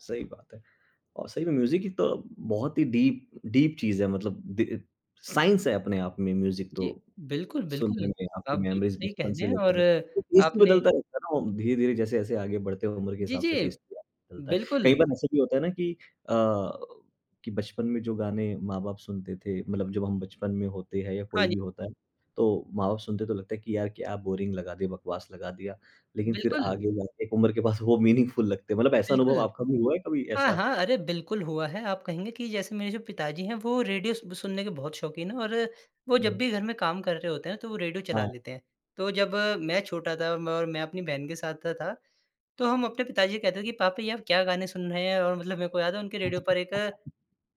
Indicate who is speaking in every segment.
Speaker 1: सही बात है और सही में म्यूज़िक की तो बहुत ही डीप डीप चीज़ है मतलब द साइंस है अपने आप में म्यूज़िक तो
Speaker 2: जी, बिल्कुल,
Speaker 1: सुनने
Speaker 2: बिल्कुल।
Speaker 1: में आपकी
Speaker 2: आप बिल्कुल
Speaker 1: मेमोरीज़
Speaker 2: सही कह
Speaker 1: बचपन
Speaker 2: रहे
Speaker 1: से
Speaker 2: हैं और
Speaker 1: लेकर टेस्ट भी
Speaker 2: आपने
Speaker 1: बदलता रहता है ना, धीरे-धीरे जैसे-जैसे आगे बढ़ते हो उम्र के
Speaker 2: जी,
Speaker 1: हिसाब से
Speaker 2: जी।
Speaker 1: टेस्ट भी बदलता है। कई
Speaker 2: बिल्कुल।
Speaker 1: बार ऐसा भी होता है ना कि अ, कि बचपन में जो गाने माँ-बाप सुनते थे, मतलब जब हम बचपन में होते हैं या
Speaker 2: हाँ
Speaker 1: कोई
Speaker 2: जी।
Speaker 1: भी होता है, तो माँ-बाप सुनते हैं तो लगता है कि यार क्या बोरिंग लगा दिया, बकवास लगा दिया। लेकिन फिर
Speaker 2: बिल्कुल।
Speaker 1: आगे जाके एक उम्र के पास वो मीनिंगफुल लगते हैं। मतलब ऐसा अनुभव
Speaker 2: बिल्कुल
Speaker 1: आपका भी हुआ है कभी
Speaker 2: हाँ,
Speaker 1: ऐसा?
Speaker 2: हाँ, अरे बिल्कुल हुआ है। आप कहेंगे कि जैसे मेरे जो पिताजी हैं, वो रेडियो स सुनने के बहुत शौकीन हैं और वो जब
Speaker 1: हुँ।
Speaker 2: भी घर में काम कर रहे होते हैं, तो वो रेडियो चला
Speaker 1: हाँ।
Speaker 2: लेते हैं। तो जब मैं छोटा था और म मैं अपनी बहन के साथ सा था तो हम अपने पिताजी से कहते थे कि पापा जी आप क्या गाने सुन रहे हैं? और मतलब मेरे को याद है उनके रेडियो पर एक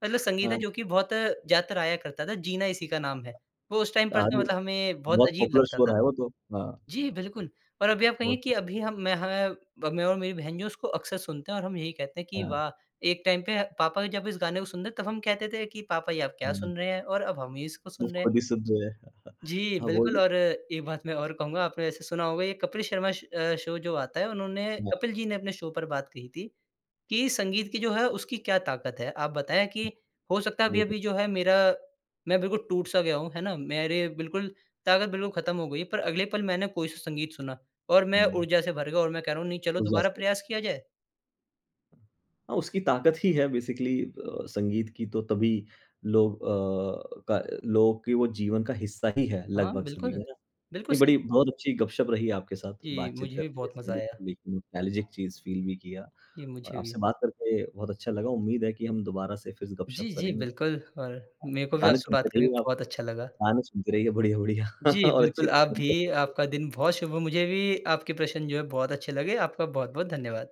Speaker 2: मतलब संगीत है
Speaker 1: हाँ।
Speaker 2: जो कि बहुत ज़्यादा आया करता था, जीना इसी का नाम है। वो उस टाइम पर
Speaker 1: दा
Speaker 2: तो
Speaker 1: भी
Speaker 2: मतलब हमें बहुत
Speaker 1: बहुत
Speaker 2: अजीब
Speaker 1: पॉपुलर
Speaker 2: लगता
Speaker 1: शो
Speaker 2: था।
Speaker 1: रहा है वो तो। हाँ।
Speaker 2: जी बिल्कुल और अभी आप कहेंगे
Speaker 1: बहुत।
Speaker 2: कि अभी हम, मैं है ब मैं और मेरी बहन जो हैं, उसको अक्सर सुनते हैं और हम यही कहते हैं कि,
Speaker 1: हाँ।
Speaker 2: "वाह! एक टाइम पे पापा जब इस गाने को सुनते थे, तब हम कहते थे कि पापा ये आप क्या
Speaker 1: हुँ।
Speaker 2: सुन रहे हैं? और अब हम ही इसको
Speaker 1: वो
Speaker 2: सुन रहे हैं।"
Speaker 1: खुद ही सुन रहे हैं।
Speaker 2: जी
Speaker 1: हाँ
Speaker 2: बिल्कुल
Speaker 1: वही।
Speaker 2: और एक बात मैं और कहूँगा आपने वैसे सुना होगा ये कपिल शर्मा श अ, शो जो आता है उन्होंने
Speaker 1: वाह!
Speaker 2: कपिल जी ने अपने शो पर बात कही थी कि संगीत की जो है उसकी क्या ताकत है। आप बताएँ कि हो सकता है
Speaker 1: वेदक।
Speaker 2: अभी-अभी जो है मेरा मैं बिल्कुल टूट-सा गया हूँ। है ना? मेरे बिल्कुल ताकत बिल्कुल खत्म हो गई है, पर अगले पल मैंने कोई-सा संगीत सुना और मैं
Speaker 1: हुँ।
Speaker 2: ऊर्जा से भर गया और मैं कह रहा हूँ नहीं चलो
Speaker 1: उस
Speaker 2: दोबारा
Speaker 1: जैसे।
Speaker 2: प्रयास किया जाए।
Speaker 1: हाँ, उसकी ताकत ही है बेसीकली अ संगीत की तो तभी लोग अ, का लोगों के वो जीवन का हिस्सा ही है
Speaker 2: हाँ,
Speaker 1: लगभग सभी
Speaker 2: बिल्कुल।
Speaker 1: का ना।
Speaker 2: बिल्कुल
Speaker 1: नहीं
Speaker 2: सही।
Speaker 1: बड़ी बहुत अच्छी गप-शप रही आपके साथ
Speaker 2: जी,
Speaker 1: बात-चीत
Speaker 2: मुझे भी
Speaker 1: करके
Speaker 2: बहुत मज़ा
Speaker 1: संगीत
Speaker 2: आया।
Speaker 1: पे एक नोस्टालजिक चीज़ फील भी किया
Speaker 2: जी,
Speaker 1: और
Speaker 2: मुझे
Speaker 1: आपसे
Speaker 2: भी।
Speaker 1: बात करके बहुत अच्छा लगा। उम्मीद है कि हम दोबारा से फिर से गप-शप
Speaker 2: जी, जी,
Speaker 1: करेंगे।
Speaker 2: बिल्कुल और मेरे को भी
Speaker 1: गाने
Speaker 2: आपसे
Speaker 1: सुनते
Speaker 2: बात करके
Speaker 1: रहिए आप।
Speaker 2: बहुत अच्छा लगा।
Speaker 1: गाने सुनते रहिएगा बढ़िया-बढ़िया
Speaker 2: जी,
Speaker 1: और अच्छे।
Speaker 2: बिल्कुल आप भी,
Speaker 1: [unintelligible]
Speaker 2: आपका दिन बहुत शुभ हो। मुझे भी आपके प्रश्न जो है, बहुत अच्छे लगे। आपका बहुत-बहुत, धन्यवाद।